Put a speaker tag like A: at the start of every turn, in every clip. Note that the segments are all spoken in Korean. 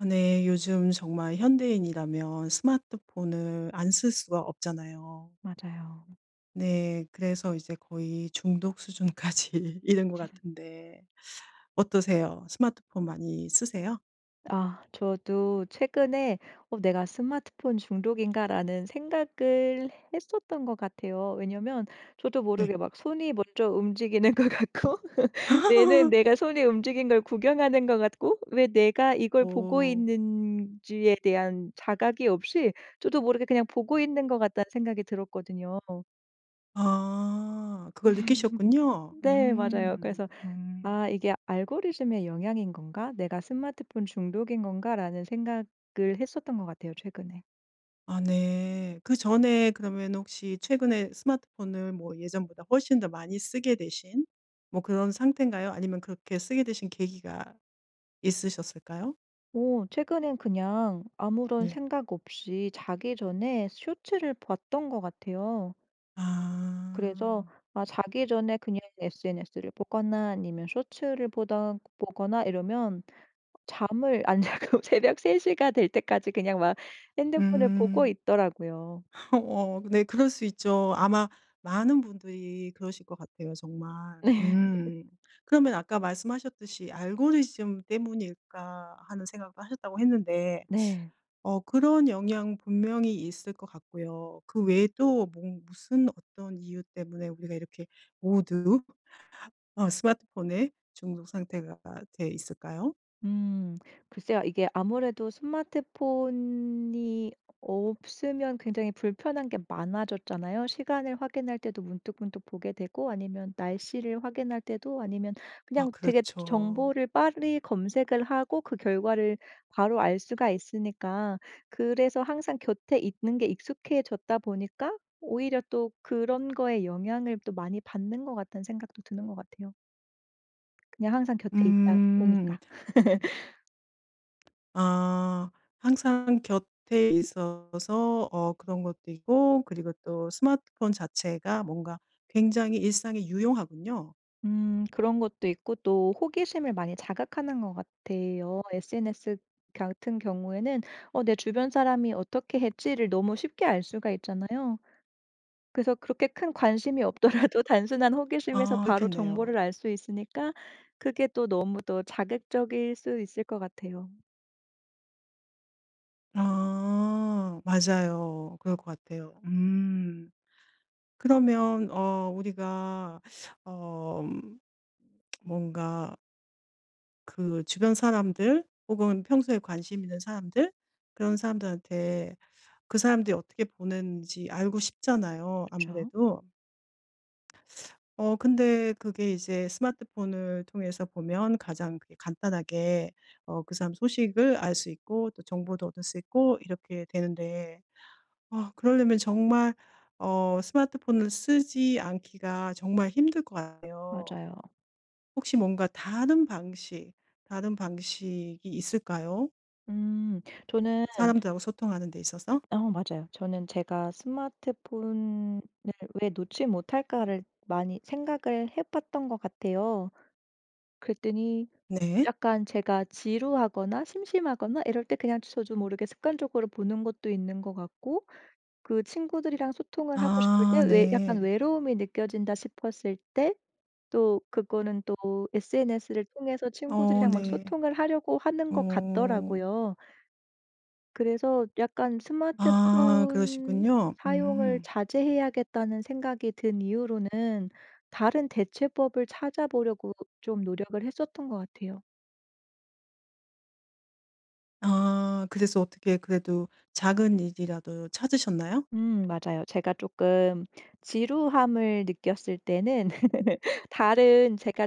A: 아 네 요즘 정말 현대인이라면 스마트폰을 안 쓸 수가 없잖아요.
B: 맞아요.
A: 네. 그래서 이제 거의 중독 수준까지 이른 것 같은데 어떠세요? 스마트폰 많이 쓰세요?
B: 아. 저도 최근에 어 '내가 스마트폰 중독인가?'라는 생각을 했었던 것 같아요. 왜냐하면 저도
A: 네.
B: 모르게 막 손이 먼저 움직이는 것 같고 뇌는 내가 손이 움직인 걸 구경하는 것 같고 '왜 내가 이걸 보고
A: 오.
B: 있는지에 대한 자각이 없이 저도 모르게 그냥 보고 있는 것 같다.'는 생각이 들었거든요.
A: 아. 그걸 느끼셨군요.
B: 네 맞아요.
A: 음.
B: 그래서
A: 음.
B: '아 이게 알고리즘의 영향인 건가? 내가 스마트폰 중독인 건가?'라는 생각을 했었던 것 같아요 최근에.
A: 아 네. 그전에 그러면은 혹시 최근에 스마트폰을 뭐 예전보다 훨씬 더 많이 쓰게 되신 뭐 그런 상태인가요? 아니면 그렇게 쓰게 되신 계기가 있으셨을까요?
B: 오 최근에는 그냥 아무런
A: 네.
B: 생각 없이 자기 전에 쇼츠를 봤던 것 같아요. 그래서
A: 아.
B: 아 자기 전에 그냥 SNS를 보거나 아니면 쇼츠를 보던 보거나 이러면 잠을 안 자고 새벽 3 시가 될 때까지 그냥 막 핸드폰을 보고
A: 음.
B: 있더라고요.
A: 어 네 그럴 수 있죠. 아마 많은 분들이 그러실 것 같아요 정말.
B: 네.
A: 음. 그러면 아까 말씀하셨듯이 '알고리즘 때문일까?' 하는 생각도 하셨다고 했는데
B: 네.
A: 어 그런 영향 분명히 있을 것 같고요. 그
B: 음.
A: 외에도 뭔 무슨 어떤 이유 때문에 우리가 이렇게 모두 어 스마트폰에 중독 상태가 돼 있을까요?
B: 음. 글쎄요. 이게 아무래도 스마트폰이 없으면 굉장히 불편한 게 많아졌잖아요. 시간을 확인할 때도 문득문득 보게 되고 아니면 날씨를 확인할 때도 아니면
A: 아
B: 그냥 되게 저
A: 그렇죠.
B: 정보를 빨리 검색을 하고 그 결과를 바로 알 수가 있으니까 그래서 항상 곁에 있는 게 익숙해졌다 보니까 오히려 또 그런 거에 영향을 또 많이 받는 것 같다는 생각도 드는 것 같아요. 그냥 항상 곁에 있다 보니까
A: 음. 아 항상 곁에 있어서 어 그런 것도 있고 그리고 또 스마트폰 자체가 뭔가 굉장히 일상에 유용하군요.
B: 음 그런 것도 있고 또 호기심을 많이 자극하는 것 같아요. SNS 같은 경우에는 '어 내 주변 사람이 어떻게 했지?'를 너무 쉽게 알 수가 있잖아요. 그래서 그렇게 큰 관심이 없더라도 단순한 호기심에서
A: 아
B: 바로
A: 그렇겠네요.
B: 정보를 알 수 있으니까 그게 또 너무 또 자극적일 수 있을 것 같아요.
A: 아 맞아요. 그럴 것 같아요. 음. 그러면 어 우리가 어 음 뭔가 그 주변 사람들 혹은 평소에 관심 있는 사람들 그런 사람들한테 그 사람들이 어떻게 보는지 알고 싶잖아요
B: 그쵸.
A: 아무래도. 어 근데 그게 이제 스마트폰을 통해서 보면 가장 그게 간단하게 어 그 사람 소식을 알 수 있고 또 정보도 얻을 수 있고 이렇게 되는데 아 그러려면 정말 어 스마트폰을 쓰지 않기가 정말 힘들 것 같아요.
B: 맞아요.
A: 혹시 뭔가 다른 방식, 다른 방식이 있을까요?
B: 음. 저는
A: 사람들하고 소통하는 데 있어서?
B: 어 맞아요. 저는 제가 '스마트폰을 왜 놓지 못할까?'를 많이 생각을 해 봤던 것 같아요. 그랬더니
A: 네.
B: 약간 제가 지루하거나 심심하거나 이럴 때 그냥 저도 모르게 습관적으로 보는 것도 있는 것 같고 그 친구들이랑 소통을 하고 싶을 때
A: 아
B: 외 약간
A: 네.
B: 외로움이 느껴진다 싶었을 때 또 그거는 또 SNS를 통해서
A: 어
B: 친구들이랑 막
A: 네.
B: 소통을 하려고 하는 것
A: 오.
B: 같더라고요. 그래서 약간
A: 아
B: 스마트폰
A: 그러시군요.
B: 사용을
A: 음.
B: 자제해야겠다는 생각이 든 이후로는 다른 대체법을 찾아보려고 좀 노력을 했었던 것 같아요.
A: 아. 그래서 어떻게 그래도 작은 일이라도 찾으셨나요?
B: 음 맞아요. 제가 쪼끔 지루함을 느꼈을 때는 다른 제가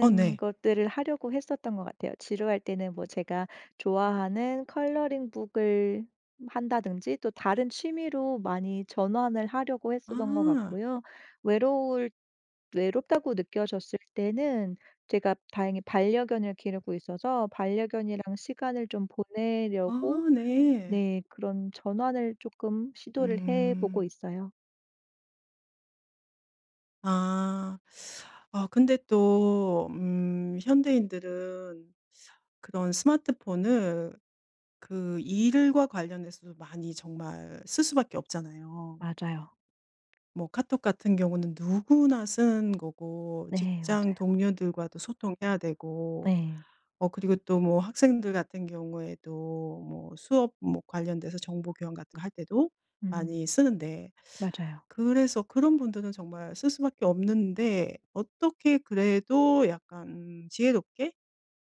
A: 어 네.
B: 것들을 하려고 했었던 것 같아요. 지루할 때는 뭐 제가 좋아하는 컬러링 북을 한다든지 또 다른 취미로 많이 전환을 하려고 했었던 것
A: 아.
B: 같고요. 외로울 외롭다고 느껴졌을 때는 제가 다행히 반려견을 기르고 있어서 반려견이랑 시간을 좀 보내려고
A: 아 네.
B: 네 그런 전환을 쪼끔 시도를 해 보고
A: 음.
B: 있어요.
A: 아. 아 근데 또 음 현대인들은 그런 스마트폰을 그 일과 관련해서도 많이 정말 쓸 수밖에 없잖아요.
B: 맞아요.
A: 뭐 카톡 같은 경우는 누구나 쓰는 거고
B: 네 맞아요.
A: 직장 동료들과도 소통해야 되고
B: 네.
A: 어 그리고 또 뭐 학생들 같은 경우에도 뭐 수업 뭐 관련돼서 정보 교환 같은 거 할 때도
B: 음
A: 많이 쓰는데
B: 맞아요.
A: 그래서 그런 분들은 정말 쓸 수밖에 없는데 어떻게 그래도 약간 음 지혜롭게?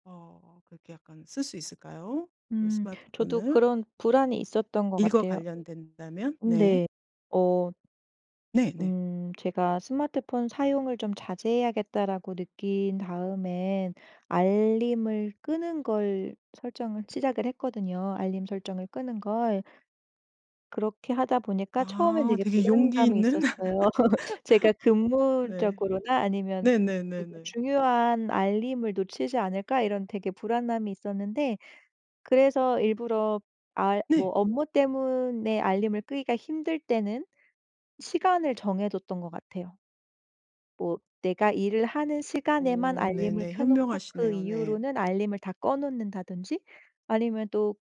A: 어 그렇게 약간 쓸 수 있을까요 그
B: 음 저도
A: 스마트폰을?
B: 그런 불안이 있었던 것
A: 일과
B: 같아요.
A: 관련된다면
B: 음
A: 네.
B: 네. 어
A: 네네.
B: 음 제가 '스마트폰 사용을 좀 자제해야겠다.'라고 느낀 다음에 알림을 끄는 걸 설정을 시작을 했거든요 알림 설정을 끄는 걸. 그렇게 하다 보니까 처음에는
A: 아
B: 되게
A: 되게 용기
B: 불안감이
A: 있는
B: 있었어요. 제가
A: 네.
B: '근무적으로나 아니면 되게
A: 네네네네.
B: 중요한 알림을 놓치지 않을까.' 이런 되게 불안함이 있었는데 그래서 일부러 알 뭐
A: 네.
B: 업무 때문에 알림을 끄기가 힘들 때는 시간을 정해 뒀던 것 같아요. 뭐 내가 일을 하는 시간에만
A: 오
B: 알림을
A: 네네
B: 켜놓고 그
A: 현명하시네요. 네.
B: 이후로는 알림을 다 꺼 놓는다든지 아니면 또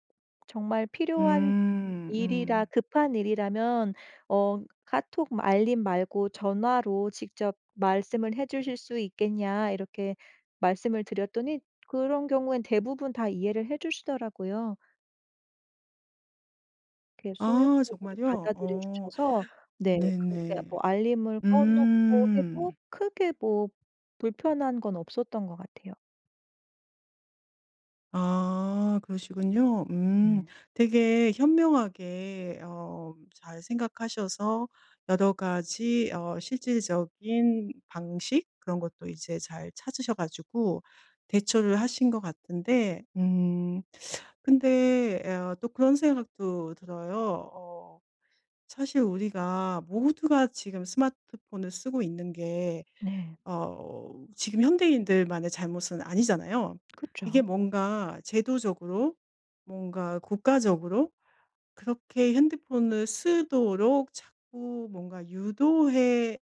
B: 정말 필요한
A: 음
B: 일이라
A: 음.
B: 급한 일이라면 어 "카톡 알림 말고 전화로 직접 말씀을 해주실 수 있겠냐." 이렇게 말씀을 드렸더니 그런 경우에는 대부분 다 이해를 해 주시더라고요. 그
A: 아
B: 소유법으로
A: 정말요?
B: 받아들여
A: 어
B: 주셔서 네 그렇게
A: 네네.
B: 뭐 알림을 꺼 놓고 해도 뭐
A: 음.
B: 크게 뭐 불편한 건 없었던 것 같아요.
A: 아 그러시군요. 음.
B: 네.
A: 되게 현명하게 어 잘 생각하셔서 여러 가지 어 실질적인 방식 그런 것도 이제 잘 찾으셔 가지고 대처를 하신 것 같은데 음 근데 어 또 그런 생각도 들어요. 어 사실 우리가 모두가 지금 스마트폰을 쓰고 있는 게
B: 네.
A: 어 지금 현대인들만의 잘못은 아니잖아요. 이게
B: 그쵸.
A: 뭔가 '제도적으로 뭔가 국가적으로 그렇게 핸드폰을 쓰도록 자꾸 뭔가 유도해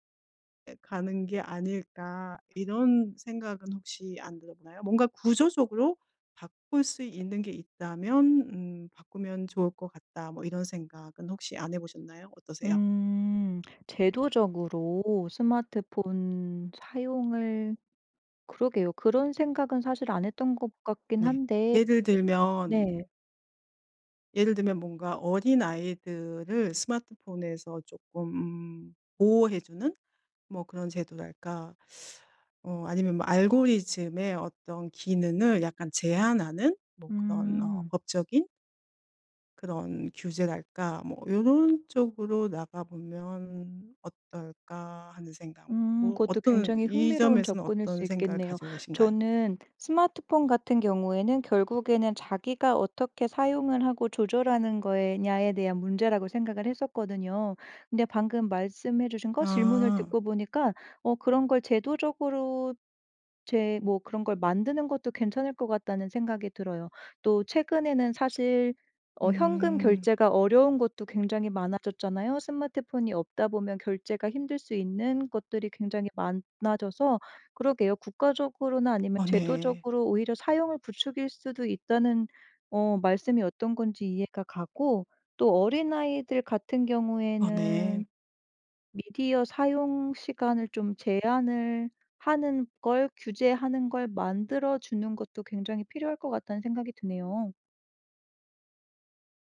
A: 에 가는 게 아닐까?' 이런 생각은 혹시 안 들어 보나요? '뭔가 구조적으로 바꿀 수 있는 게 있다면 음 바꾸면 좋을 것 같다.' 뭐 이런 생각은 혹시 안 해 보셨나요? 어떠세요?
B: 음. 제도적으로 스마트폰 사용을 그러게요. 그런 생각은 사실 안 했던 것 같긴
A: 네.
B: 한데.
A: 예를
B: 네.
A: 들면 예를 들면 뭔가 어린 아이들을 스마트폰에서 쪼끔 음 보호해 주는 뭐 그런 제도랄까 어 아니면 뭐 알고리즘의 어떤 기능을 약간 제한하는 뭐 그런 어
B: 음.
A: 법적인 그런 규제랄까 뭐 '요런 쪽으로 나가보면 어떨까.' 하는 생각 뭐
B: 음
A: 고
B: 그것도
A: 어떤
B: 굉장히
A: 이
B: 흥미로운
A: 점에서는
B: 접근일
A: 어떤
B: 수
A: 생각을
B: 있겠네요.
A: 가지고 계신가요?
B: 저는 스마트폰 같은 경우에는 결국에는 자기가 어떻게 사용을 하고 조절하는 거에 냐에 대한 문제라고 생각을 했었거든요. 근데 방금 말씀해 주신 거 질문을
A: 아.
B: 듣고 보니까 어 그런 걸 '제도적으로 제 뭐 그런 걸 만드는 것도 괜찮을 것 같다.'는 생각이 들어요. 또 최근에는 사실 어 현금
A: 음.
B: 결제가 어려운 것도 굉장히 많아졌잖아요. 스마트폰이 없다보면 결제가 힘들 수 있는 것들이 굉장히 많아져서 그러게요 국가적으로나 아니면
A: 아 네.
B: 제도적으로 오히려 사용을 부추길 수도 있다는 어 말씀이 어떤 건지 이해가 가고 또 '어린 아이들 같은
A: 아 네.
B: 경우에는 미디어 사용 시간을 좀 제한을 하는 걸 규제하는 걸 만들어 주는 것도 굉장히 필요할 것 같다.'는 생각이 드네요.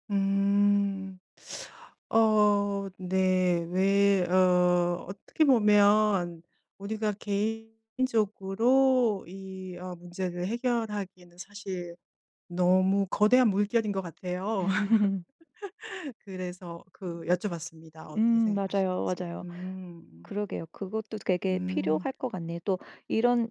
A: 음. 어. 네. 왜 어 어떻게 보면 우리가 개인적으로 이 어 문제를 해결하기에는 사실 너무 거대한 물결인 것 같아요. 그래서 그 여쭤봤습니다 어떻게
B: 음 맞아요,
A: 생각하시는지.
B: 맞아요.
A: 음.
B: 그러게요. 그것도 되게
A: 음.
B: 필요할 것 같네요. 또 이런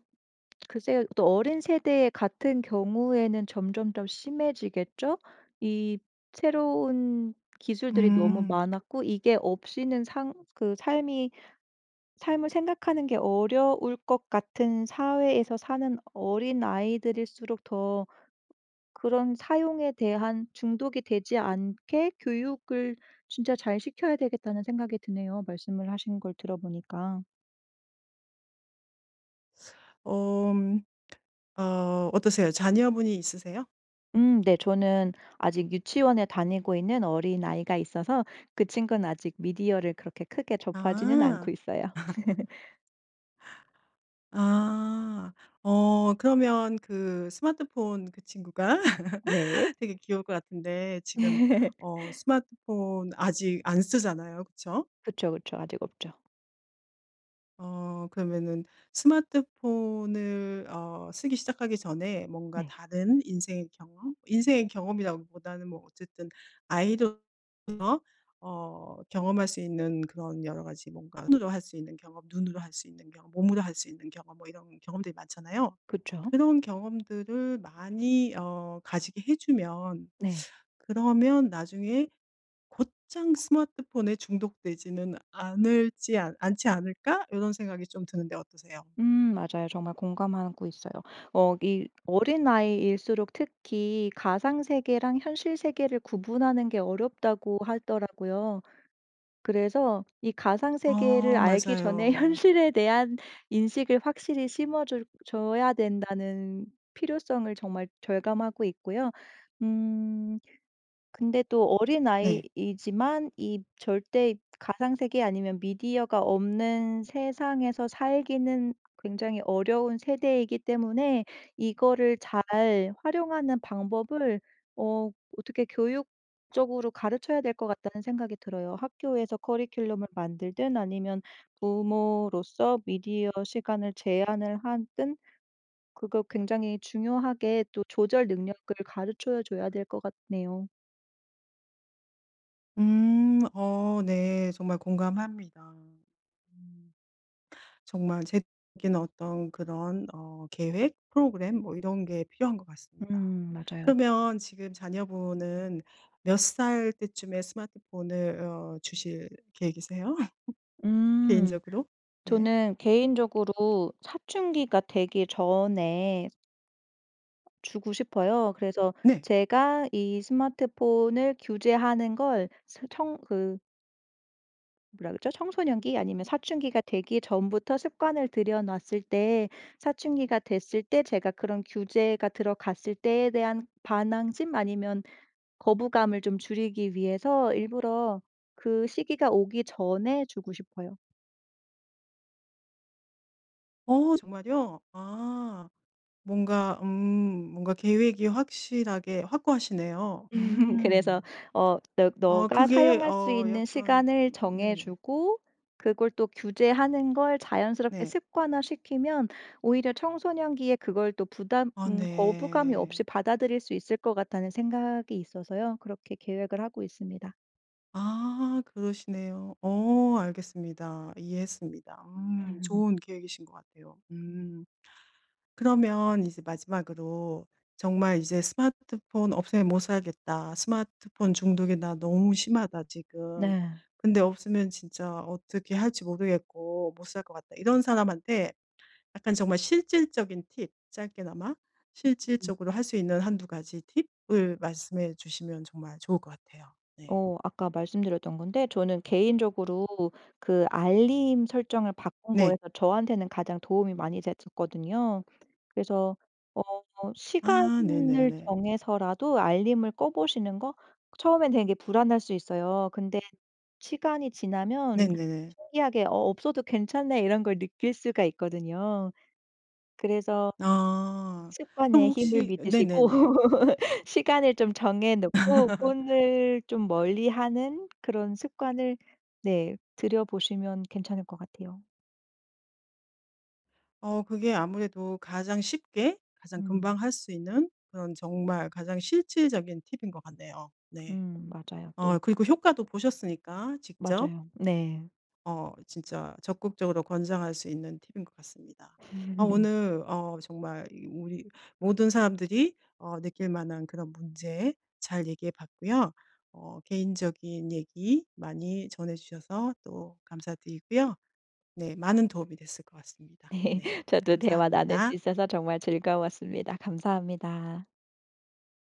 B: 글쎄요. 또 어린 세대 같은 경우에는 점점점 심해지겠죠? 이 새로운 기술들이 너무
A: 음.
B: 많았고 이게 없이는 상 그 삶이 삶을 생각하는 게 어려울 것 같은 사회에서 사는 어린아이들일수록 더 그런 사용에 대한 '중독이 되지 않게 교육을 진짜 잘 시켜야 되겠다.'는 생각이 드네요 말씀을 하신 걸 들어 보니까.
A: 엄. 어 어떠세요? 자녀 분이 있으세요?
B: 음 네. 저는 아직 유치원에 다니고 있는 어린아이가 있어서 그 친구는 아직 미디어를 그렇게 크게 접하지는
A: 아.
B: 않고 있어요.
A: 아. 어 그러면 그 스마트폰 그 친구가
B: 네.
A: 되게 귀여울 것 같은데 지금 어 스마트폰 아직 안 쓰잖아요 그쵸?
B: 그쵸, 그쵸. 아직 없죠.
A: 어 그러면은 스마트폰을 어 쓰기 시작하기 전에 뭔가
B: 네.
A: 다른 인생의 경험 인생의 경험이라기보다는 뭐 어쨌든 아이들 [unintelligible] 어 경험할 수 있는 그런 여러 가지 뭔가 손으로 할 수 있는 경험, 눈으로 할 수 있는 경험, 몸으로 할 수 있는 경험 뭐 이런 경험들이 많잖아요.
B: 그쵸.
A: '그런 경험들을 많이 어 가지게 해 주면
B: 네.
A: 그러면 나중에 곧장 스마트폰에 중독되지는 않을지 않 않지 않을까?' 요런 생각이 좀 드는데 어떠세요?
B: 음 맞아요 정말 공감하고 있어요. 어 이 어린아이일수록 특히 가상 세계랑 현실 세계를 구분하는 게 어렵다고 하더라고요. 그래서 이 가상 세계를
A: 어
B: 알기 전에
A: 맞아요.
B: 현실에 대한 인식을 확실히 심어줄 줘야 된다는 필요성을 정말 절감하고 있고요. 음 근데 또
A: 네.
B: 어린아이이지만 이 절대 가상 세계 아니면 미디어가 없는 세상에서 살기는 굉장히 어려운 세대이기 때문에 이거를 잘 활용하는 방법을 어 어떻게 교육적으로 가르쳐야 될 것 같다는 생각이 들어요. 학교에서 커리큘럼을 만들든 아니면 부모로서 미디어 시간을 제한을 하든 그거 굉장히 중요하게 또 조절 능력을 가르쳐 줘야 될 것 같네요.
A: 음 어 네 정말 공감합니다. 음. 정말 제도적인 어떤 그런 어 계획, 프로그램 뭐 이런 게 필요한 것 같습니다.
B: 음 맞아요.
A: 그러면 지금 자녀분은 몇 살 때쯤에 스마트폰을 어 주실 계획이세요?
B: 음
A: 개인적으로? 네.
B: 저는 개인적으로 사춘기가 되기 전에 주고 싶어요. 그래서
A: 네.
B: 제가 이 스마트폰을 규제하는 걸 스 청 그 뭐라 그러죠? 청소년기 아니면 사춘기가 되기 전부터 습관을 들여 놨을 때 사춘기가 됐을 때 제가 그런 규제가 들어갔을 때에 대한 반항심 아니면 거부감을 좀 줄이기 위해서 일부러 그 시기가 오기 전에 주고 싶어요.
A: 어 정말이요? 아 뭔가 음 뭔가 계획이 확실하게 확고하시네요.
B: 그래서
A: 음.
B: 어 너
A: 어
B: 너가
A: 그게
B: 사용할 수
A: 어
B: 있는
A: 약간
B: 시간을
A: 네네.
B: 정해주고 그걸 또 규제하는 걸 자연스럽게
A: 네.
B: 습관화시키면 오히려 청소년기에 그걸 또 부담
A: 아
B: 음 거부감이 없이
A: 네.
B: 받아들일 수 있을 것 같다는 생각이 있어서요 그렇게 계획을 하고 있습니다.
A: 아. 그러시네요. 어. 알겠습니다. 이해했습니다. 음 좋은 계획이신 것 같아요. 음. 그러면 이제 마지막으로 "정말 이제 스마트폰 없으면 못 살겠다. 스마트폰 중독이 나 너무 심하다 지금.
B: 네.
A: 근데 없으면 진짜 어떻게 할지 모르겠고 못 살 것 같다." 이런 사람한테 약간 정말 실질적인 팁 짧게나마
B: 음.
A: 실질적으로 할 수 있는 1-2 가지 팁을 말씀해 주시면 정말 좋을 것 같아요. 네.
B: 어 아까 말씀드렸던 건데 저는 개인적으로 그 알림 설정을 바꾼
A: 네.
B: 거에서 저한테는 가장 도움이 많이 됐었거든요. 그래서 어
A: 아.
B: 시간을
A: 네네네.
B: 정해서라도 알림을 꺼보시는 거? 처음엔 되게 불안할 수 있어요. 근데 시간이 지나면
A: 네네네.
B: 신기하게 '어. 없어도 괜찮네.' 이런 걸 느낄 수가 있거든요. 그래서
A: 아. 그럼
B: 습관의 힘을
A: 혹시 어
B: 믿으시고
A: 네네네.
B: 시간을 좀 정해 놓고 폰을 좀 멀리하는 그런 습관을 네 들여 보시면 괜찮을 것 같아요.
A: 어 그게 아무래도 가장 쉽게 가장
B: 음.
A: 금방 할 수 있는 그런 정말 가장 실질적인 팁인 것 같네요. 네.
B: 음. 맞아요
A: 어
B: 또.
A: 그리고 효과도 보셨으니까 직접.
B: 맞아요. 네.
A: 어 진짜 적극적으로 권장할 수 있는 팁인 것 같습니다. 아 오늘 어 정말 이 우리 모든 사람들이 어 느낄 만한 그런 문제 잘 얘기해 봤고요. 어 개인적인 얘기 많이 전해 주셔서 또 감사드리고요. 네. 많은 도움이 됐을 것 같습니다.
B: 네.
A: 네.
B: 저도 대화 나눌 수
A: 감사합니다.
B: 있어서 정말 즐거웠습니다. 감사합니다.